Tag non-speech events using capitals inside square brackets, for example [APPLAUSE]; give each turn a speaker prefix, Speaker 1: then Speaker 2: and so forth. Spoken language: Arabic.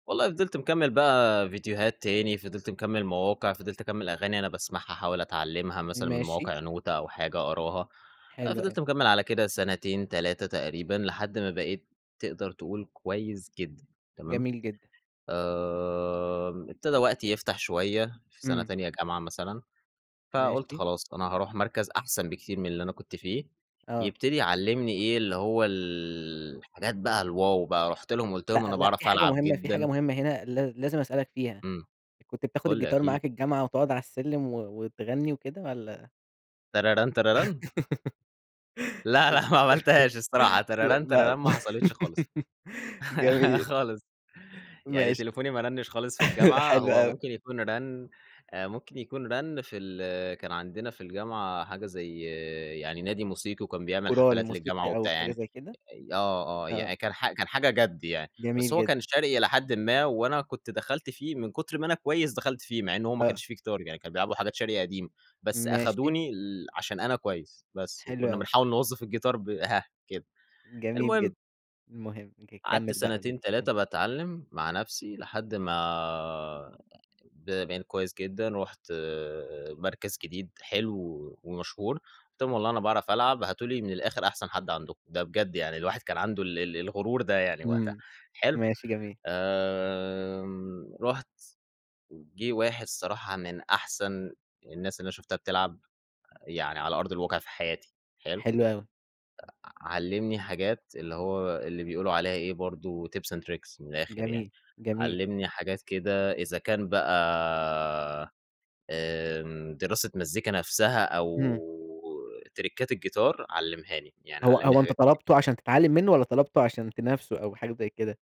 Speaker 1: والله فضلت مكمّل بقى فيديوهات تاني، فضلت مكمّل مواقع، فضلت أكمّل أغاني أنا باسمَعها أحاول أتعلّمها مثلًا من
Speaker 2: ماشي.
Speaker 1: مواقع، نوتة أو حاجة أقراها. آآ،
Speaker 2: حلو أوي.
Speaker 1: فضلت مكمّل على كده سنتين، 3 تقريبًا، لحد ما بقيت تقدر تقول كويس جدًا، تمام؟
Speaker 2: جميل جدًا.
Speaker 1: امم، ابتدى وقتي يفتح شوية في سنة
Speaker 2: امم.
Speaker 1: تانية جامعة مثلًا، فقلت
Speaker 2: ماشي.
Speaker 1: خلاص أنا هاروح مَركَز أحسن بكتير من اللي أنا كنت فيه،
Speaker 2: آه.
Speaker 1: يبتدي يعلّمني إيه اللي هو ال الحاجات بقى الواو بقى. رُحت لهُم وقلت
Speaker 2: لأ
Speaker 1: لهُم: "أنا
Speaker 2: لأ، في
Speaker 1: باعرِف
Speaker 2: حاجة
Speaker 1: ألعب
Speaker 2: مهمة في حاجة
Speaker 1: جدًا."
Speaker 2: مهمة هنا ل لازم أسألَك فيها،
Speaker 1: امم.
Speaker 2: كنت بتاخد
Speaker 1: قل لي
Speaker 2: الجيتار
Speaker 1: أكيد.
Speaker 2: معاك الجامعة وتقعد على السلّم و وتغني وكده والّا؟
Speaker 1: تراران، تراران.
Speaker 2: [LAUGHS]
Speaker 1: لأ،
Speaker 2: آه،
Speaker 1: لأ ما عملتهاش الصراحة،
Speaker 2: ل
Speaker 1: تراران
Speaker 2: لأ،
Speaker 1: تراران ما حصلتش خالص، [LAUGHS]
Speaker 2: جميل.
Speaker 1: خالص، يعني
Speaker 2: ماشي،
Speaker 1: تليفوني ما رنّش خالص في
Speaker 2: [CHUCKLES]
Speaker 1: الجامعة.
Speaker 2: حلو
Speaker 1: هو
Speaker 2: أوي.
Speaker 1: ممكن يكون رن آآ، ممكن يكون رن في ال كان عندنا في الجامعة حاجة زي يعني نادي موسيقي، وكان بيعمل
Speaker 2: الكورال
Speaker 1: حفلات للجامعة
Speaker 2: الموسيقي أو
Speaker 1: وبتاع،
Speaker 2: حاجة
Speaker 1: يعني
Speaker 2: زي كده؟
Speaker 1: آه آه،
Speaker 2: آه.
Speaker 1: يعني كان ح كان حاجة جَد يعني، بس
Speaker 2: جميل
Speaker 1: هو كان
Speaker 2: جدًا.
Speaker 1: شرقي إلى حدٍ ما، وأنا كنت دخلت فيه من كتر ما أنا كويس، دخلت فيه مع إن هو ما
Speaker 2: آه.
Speaker 1: كانش فيه جيتار يعني، كانوا بيلعبوا حاجات شرقي قديم، بس
Speaker 2: ماشي.
Speaker 1: أخدوني ال عشان أنا كويس بس.
Speaker 2: حلو
Speaker 1: وكنا
Speaker 2: أوي.
Speaker 1: بنحاوِل نوظّف الجيتار ب هاه، كده،
Speaker 2: جميل
Speaker 1: المهم
Speaker 2: جدًا. المهم ج
Speaker 1: قَعَدت
Speaker 2: كمّل بقى.
Speaker 1: سنتين،
Speaker 2: [UNINTELLIGIBLE] امم.
Speaker 1: 3 باتعلّم مع نفسي لحد ما ب بقيت كويس جدًا، رحت مَركَز جديد حلو ومشهور، قلت لهُم: "والله أنا باعرف ألعَب، هاتوا لي من الآخر أحسن حَد عندكم، ده بجد يعني." الواحد كان عنده ال ال الغرور ده يعني وقتها،
Speaker 2: امم،
Speaker 1: حلو؟
Speaker 2: ماشي جميل.
Speaker 1: آمم، رُحت، جه واحد صراحة من أحسن الناس اللي أنا شفتها بتلعب، يعني على أرض الواقع في حياتي، حلو؟
Speaker 2: حلو أوي.
Speaker 1: إ أ علّمني حاجات، اللي هو اللي بيقولوا عليها إيه برضه tips and tricks من الآخر يعني،
Speaker 2: جميل، جميل.
Speaker 1: علّمني حاجات كده إذا كان بقى آمم، دراسة مزيكا نفسها أو
Speaker 2: امم.
Speaker 1: تريكّات الجيتار علّمهاني، يعني
Speaker 2: هو
Speaker 1: علّمني
Speaker 2: هو أنت
Speaker 1: حاجات كتير
Speaker 2: طلبته
Speaker 1: جدًا.
Speaker 2: عشان تتعلّم منه، والّا طلبته عشان تنافسه أو حاجة زي كده؟